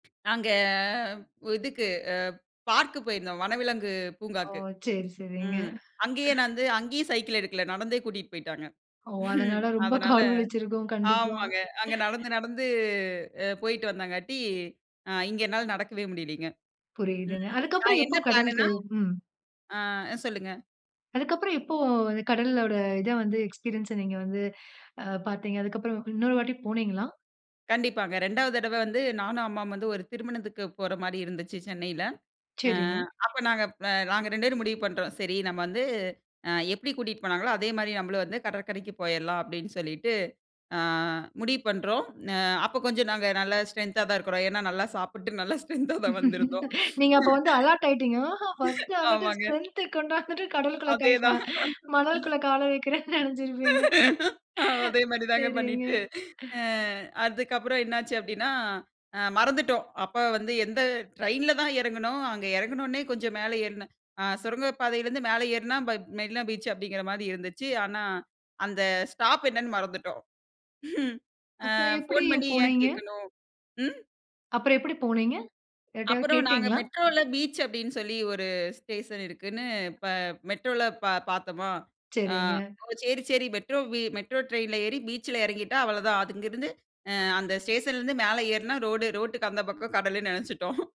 நாங்க இதுக்கு பார்க் போயிருந்தோம் வனவிலங்கு ஓ! பூங்காக்கு, சரி சரிங்க. ம், அங்கயே நான் வந்து அங்கேயும் சைக்கிள் எடுக்கல நடந்தே கூட்டிட்டு போயிட்டாங்க. ஓ! அதனால ரொம்ப அதனால கால் வலிச்சுருக்கும். கண்டிப்பா. ஆமாங்க அங்க நடந்து நடந்து போயிட்டு வந்தங்காட்டி, அ, இங்க என்னால நடக்கவே முடியலைங்க. புரியுதுங்க. ம், அதக்கப்புறம் நான் எப்ப என்ன கடலுக்கு பிளானுன்னா? ம். ஆ, சொல்லுங்க. அதுக்கப்புறம் எப்போ கடலோட இத வந்து, எக்ஸ்பீரியன்ஸ எக்ஸ்பீரியன்ஸ நீங்க வந்து ஆ பாத்தீங்க. அதுக்கப்புறம் இன்னொரு வாட்டி போனீங்களா? கண்டிப்பாங்க. 2வது தடவ வந்து நானும் அம்மாவும் வந்து ஒரு திருமணத்துக்கு போற மாரி இருந்துச்சு சென்னைல. ஆ சரிங்க. அப்ப நாங்க நாங்க 2 பேரும் முடிவு பண்றோம். சரி நம வந்து, அ, எப்டி கூட்டிட்டு போனாங்களோ அதே மாரி நம்மளும் வந்து கடற்கரைக்கு போயிரலாம் அப்டின்னு சொல்லிட்டு, ஆ, முடிவு பண்றோம். அ, அப்ப கொஞ்சம் நாங்க நல்ல ஸ்ட்ரென்தா தான் இருக்குறோம். ஏன்னா, நல்லா சாப்புட்டு நல்லா ஸ்ட்ரென்தா ஸ்ட்ரென்தா தான் வந்திருந்தோம். நீங்க அப்ப வந்து அலர்ட் ஆயிட்டீங்க. பர்ஸ்ட் பர்ஸ்ட் வந்துட்டு ஆமாங்க. ஸ்ட்ரென்த் ஸ்ட்ரென்த் கொண்டாந்துட்டு கடலுக்குள்ள கை க அதேதான். மணலுக்குள்ள கால வெக்கிறேன்னு நெனச்சுருப்பீங்க. அதே மாரி தாங்க சரிங்க. பண்ணிட்டு, ஆ அதுக்கப்புறம் என்னாச்சி அப்டின்னா, அ, மறந்துட்டோம். அப்ப வந்து எந்த ட்ரெயின்ல தான் எறங்குனோம் அங்க எறங்கின உடனே கொஞ்சம் மேல ஏறின, ஆ சுரங்கப்பாதைலயிருந்து மேல ஏறுனா, மெ மெரினா பீச் அப்டீங்கிற மாரி இருந்துச்சி. ஆனா, அந்த ஸ்டாப் என்னன்னு மறந்துட்டோம். அ, அப்புறம் எப்டி போன் பண்ணி ஏன் போனீங்க? கேக்கணும்? ம். அப்புறம் எப்டி போனீங்க? யார்ட்டயாவது அப்புறம் நாங்க கேட்டிங்களா? மெட்ரோல பீச் அப்டின்னு சொல்லி ஒரு ஸ்டேஷன் இருக்குன்னு, ப மெட்ரோல பார் பார்த்தமா, அ, சரிங்க. ஓ! சரி சரி, மெட்ரோ மெட்ரோ ட்ரெயின்ல ஏறி பீச்சில இறங்கிட்டா அவ்வளோதான். அது அங்கிருந்து அந்த ஸ்டேஷன்ல இருந்து மேல ஏறுனா ரோடு ரோட்டுக்கு அந்த பக்கம் கடலுன்னு நெனச்சுட்டோம்.